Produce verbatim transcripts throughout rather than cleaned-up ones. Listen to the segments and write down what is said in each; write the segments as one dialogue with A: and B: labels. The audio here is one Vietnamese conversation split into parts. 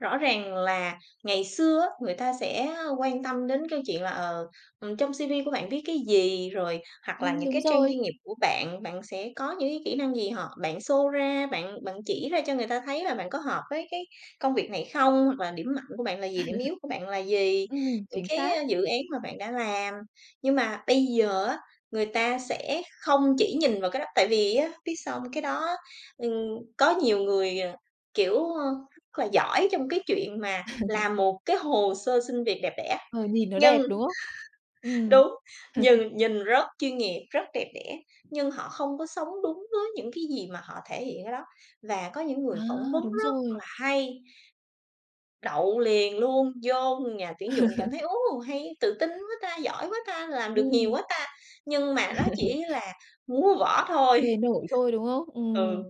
A: Rõ ràng là ngày xưa á, người ta sẽ, a, quan tâm đến câu chuyện là, ờ, ừm, trong C-V của bạn viết cái gì rồi hoặc là
B: Ừm,
A: những
B: đúng
A: cái trang
B: rồi.
A: chuyên nghiệp của bạn. Bạn sẽ có những cái kỹ năng gì họ bạn show ra, bạn bạn chỉ ra cho người ta thấy là bạn có hợp với cái công việc này không, hoặc là điểm mạnh của bạn là gì, điểm yếu của bạn là gì,
B: Ừm,
A: những
B: chính
A: cái,
B: xác.
A: a, dự án mà bạn đã làm. Nhưng mà bây giờ á, người ta sẽ không chỉ nhìn vào cái đó, tại vì á, biết sao hông? Cái đó ừm, có nhiều người, ờ, kiểu, ờ, rất là giỏi trong cái chuyện mà làm một cái hồ sơ xin việc đẹp đẽ,
B: Ờ, nhìn nó
A: nhưng
B: đẹp, đúng không? Ừm.
A: đúng, nhìn nhìn rất chuyên nghiệp, rất đẹp đẽ, nhưng họ không có sống đúng với những cái gì mà họ thể hiện ở đó. Và có những người
B: À!
A: phỏng vấn
B: Đúng
A: rất
B: rồi.
A: là hay, đậu liền luôn, vô nhà tuyển dụng cảm thấy: "Ô! Hay, tự tin quá ta, giỏi quá ta, làm được nhiều
B: Ừm.
A: quá ta!" Nhưng mà đó chỉ là múa võ thôi.
B: Bề nổi thôi, đúng không?
A: Ừ.
B: Ừm.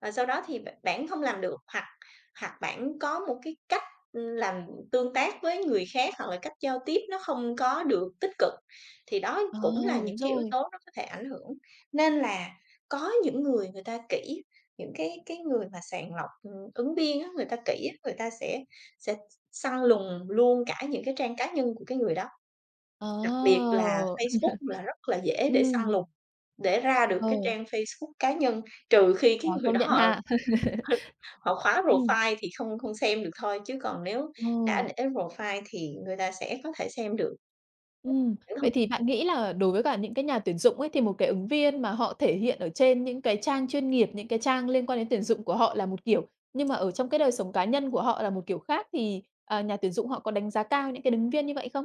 A: Và sau đó thì b bản không làm được hoặc hoặc bản có một cái cách làm tương tác với người khác hoặc là cách giao tiếp nó không có được tích cực, thì đó
B: Ờ!
A: cũng là những
B: Đúng
A: cái yếu
B: rồi.
A: tố nó có thể ảnh hưởng. Nên là có những người người ta kỹ, những cái cái người mà sàng lọc, ừm, ứng viên á, người ta kỹ á, người ta sẽ sẽ s săn lùng luôn cả những cái trang cá nhân của cái người đó.
B: Ờ!
A: Đặc biệt là Facebook là rất là dễ để săn
B: Ừm.
A: lùng, để ra được
B: Ờ.
A: cái trang Facebook cá nhân trừ khi cái
B: Ờ,
A: người
B: công
A: đó
B: nhận
A: họ
B: ha.
A: hứ họ khóa
B: Ừm.
A: profile thì không không xem được thôi chứ còn nếu đã
B: Ồ.
A: để profile thì người ta sẽ có thể xem được.
B: Ừm.
A: [unintelligible] Những thông
B: Vậy thì
A: tin
B: bạn nghĩ là đối với cả những cái nhà tuyển dụng ấy, thì một cái ứng viên mà họ thể hiện ở trên những cái trang chuyên nghiệp, những cái trang liên quan đến tuyển dụng của họ là một kiểu, nhưng mà ở trong cái đời sống cá nhân của họ là một kiểu khác thì, à, nhà tuyển dụng họ có đánh giá cao những cái đứng viên như vậy không?